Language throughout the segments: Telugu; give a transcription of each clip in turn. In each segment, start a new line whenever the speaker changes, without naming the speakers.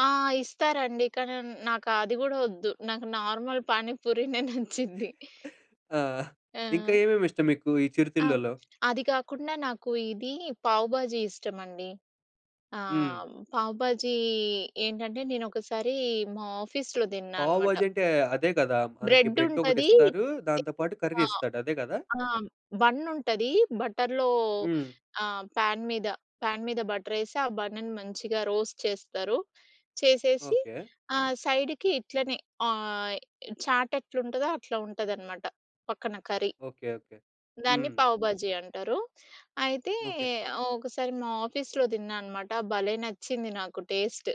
ఆ! ఇస్తారండి కానిన్ నాకు అది గూడా వద్దు. నాకు నార్మల్ పానీపూరినే నచ్చింది.
ఆ! ఇంకా
ఆ!
ఏమేమి ఇష్టం మీకు ఈ
ఆ!
చిరుతిళ్ళలో?
అది కాకుండా నాకు ఇది పావ్ బాజీ ఇష్టమండి. ఆ!
హ్మ్.
పావ్ బాజీ ఏంటంటే, నేనొకసారి మా ఆఫీస్‌లో దిన్నా
పావు
అనమాట.
బాజీ అంటే అదే కదా! మనకి
బ్రెడ్
బ్రెడ్డొకటి
ఉంటది
ఇస్తారు. దాంతో పాటు కర్రీ
ఆ!
ఇస్తాడు అదే గదా?
ఆ! బన్నుంటది. బటర్‌లో
హ్మ్.
ఆహ్, ప్యాన్ మీద, ప్యాన్ మీద బటరేసి, ఆ బన్నని మంచిగా రోస్ట్ చేస్తారు, చేసేసి
ఓకే.
ఆహ్, సైడ్‌కి ఇట్లనే ఆహ్, య్ చాటెట్లుంటదో అట్లా ఉంటాదనమాట. పక్కన కర్రీ.
ఓకే. ఓకే.
దాన్ని
హ్మ్.
పావ్ బాజీ అంటారు. అయితే,
ఓకే.
ఒకసారి మా ఆఫీస్‌లో దిన్నా అనమాట. భలే నచ్చింది నాకు టేస్ట్.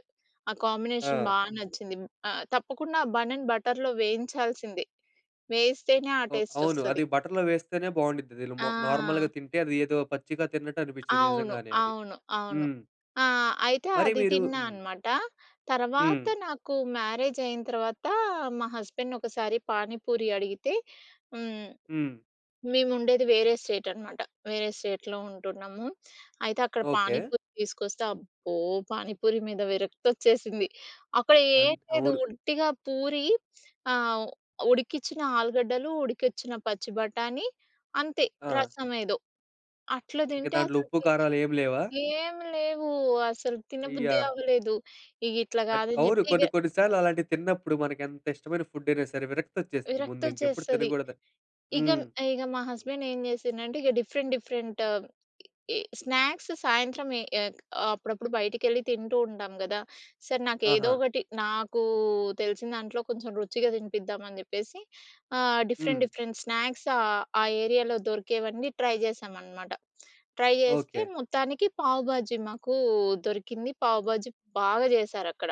ఆ కాంబినేషన్
ఆ!
బా నచ్చింది. హ్మ్, ఆహ్, తప్పకుండా బన్నని బటర్‌లో వేయించాల్సిందే, వేయిస్తేనే ఆ
ఓహ్! అవును.
టేస్టొస్తది.
అది బటర్‌లో వేస్తేనే బావుండుద్ది. అది ల్
ఆ!
నార్మల్‌గా తింటే, అది ఏదో పచ్చిగా తిన్నట్టు అనిపిచ్చేది
అవును.
నిజంగానే అది.
అవును. అవును.
హ్మ్.
ఆ! అయితే
మరి
అది
మీరు
తిన్నా
హ్మ్.
అనమాట. తర్వాత
హ్మ్.
నాకు మ్యారేజైన తర్వాత, మా హస్బెండ్‌ని ఒకసారి పానీపూరి అడిగితే, హ్మ్
హ్మ్.
మేముండేది వేరే స్టేట్ అనమాట, వేరే స్టేట్‌లో ఉంటున్నాము. అయితే, అక్కడ
ఓకే.
పానీపూరి తీసుకొస్తే, అబ్బో! పానీపూరి మీద విరక్తోచ్చేసింది. అక్కడ ఏం
అట్
లేదు.
అవును.
ఉట్టిగా పూరి ఆహ్, ఉడికిచ్చిన ఆలుగడ్డలు, ఉడికిచ్చిన పచ్చి బఠాణి అంతే,
ఆ!
రసమేదో అట్ల
ఇక
దింటే
దాంట్లో ఉప్పు,
అసలుకి
కారాలేమి లేవా?
ఏమి లేవు. అసలు తిన
అయ్యా!
బుద్ధి అవ్వలేదు. ఇగ ఇట్లా
అట్
కాదని
అవును.
జెప్పి ఇగ
కొన్ని, కొన్ని సార్లు అలాంటివి తిన్నప్పుడు మనకెంత ఇష్టమైన ఫుడైనా సరే, విరక్తోచ్చేస్తుంది ముందు ఇంకెప్పుడు
విరక్తోచ్చేస్తది.
తినకూడదు.
ఇగ,
హ్మ్.
ఇగ మా హస్బెండేం జేసిండంటే ఇగ డిఫరెంట్, డిఫరెంట్ స్నాక్స్ సాయంత్రం ఎ ఏక్ అప్పుడప్పుడు బయటికెళ్ళి తింటూ ఉంటాం గదా! సరే, నాకేదో
ఆహా!
ఒకటి, నాకు తెలిసిన దాంట్లో కొంచెం రుచిగా తినిపిద్దామని చెప్పేసి ఆహ్, డిఫరెంట్,
హ్మ్.
డిఫరెంట్ స్నాక్స్ ఆహ్, ఆ ఏరియాలో దొరికేవన్నీ ట్రై జేసామనమాట. ట్రై జేస్తే
ఓకే.
మొత్తానికి పావు బాజీ మాకు దొరికింది. పావు బాజీ బాగా జేసారక్కడ.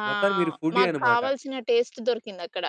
ఆ!
మొత్తానికి మీరు ఫుడ్డీ
మాకు
అన్నమాట.
కావాల్సిన టేస్ట్ దొరికిందక్కడ.